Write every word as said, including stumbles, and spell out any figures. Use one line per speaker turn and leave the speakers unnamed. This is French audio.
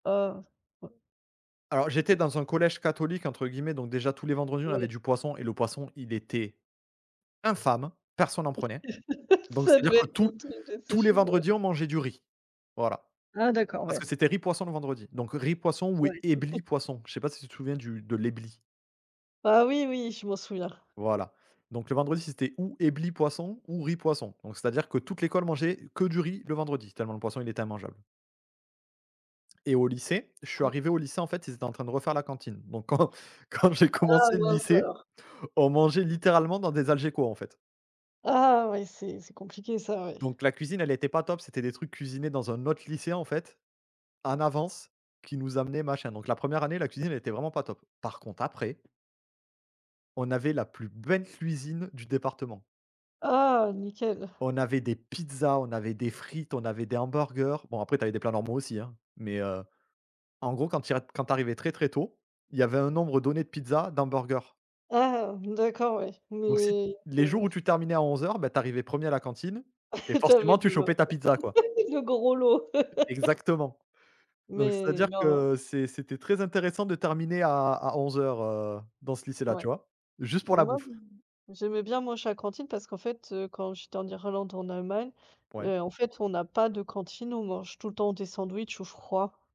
Oh. Ouais.
Alors,
Tant
j'étais
pis.
dans un collège «catholique» entre guillemets. Donc déjà, tous les vendredis, on avait
Ouais.
du poisson, et le poisson il était infâme! Personne en prenait. Donc,
Ça
c'est-à-dire
devait
que
être
tous,
ton truc de.
tous les
[unintelligible]
vendredis, on mangeait du riz, voilà.
Ah d'accord,
Parce
ouais.
que c'était riz-poisson le vendredi. Donc, riz-poisson ou
Ouais.
Ebly-poisson. Je sais pas si tu te souviens du de l'Ebly?
Ah oui, oui, je m'en souviens.
Voilà. Donc, le vendredi, c'était ou Ebly-poisson ou riz-poisson. Donc, c'est-à-dire que toute l'école mangeait que du riz le vendredi, tellement le poisson, il était immangeable et au lycée, je suis
Ouais.
arrivé au lycée. En fait, ils étaient en train de refaire la cantine. Donc, quand, quand j'ai
Ah
commencé le
mince,
lycée,
alors!
on mangeait littéralement dans des Algeco, en fait!
Ah oui, c'est c'est compliqué ça. Ouais.
Donc, la cuisine, elle était pas top. C'était des trucs cuisinés dans un autre lycée, en fait, en avance, qu'ils nous amenaient machin. Donc la 1ère année la cuisine elle était vraiment pas top. Par contre après on avait la plus belle cuisine du département!
Ah nickel!
On avait des pizzas, on avait des frites, on avait des hamburgers. Bon, après, tu avais des plats normaux aussi, hein. Mais heu, en gros quand tu y a tu arrivais très, très tôt, il y avait un nombre donné de pizzas d'hamburgers
Ah d'accord, ouais.
donc si
Mais tu es
les jours où tu terminais à onze heures, bah, tu arrivais premier à la cantine et
Tu avais
forcément tu
le
chopais ta pizza, quoi!
[unintelligible] le gros lot.
Exactement donc,
Mais,
c'est-à-dire
voilà.
que, heu c'est c'était très intéressant de terminer à à onze heures heu, dans ce lycée là, tu
Ouais,
vois? Juste pour
mais
la
moi
bouffe!
j j'aimais bien manger à la cantine parce qu'en fait, heu, quand j'étais en Irlande, en Allemagne
Ouais.
et en fait, on a pas de cantine. On mange tout le temps des sandwichs ou froid.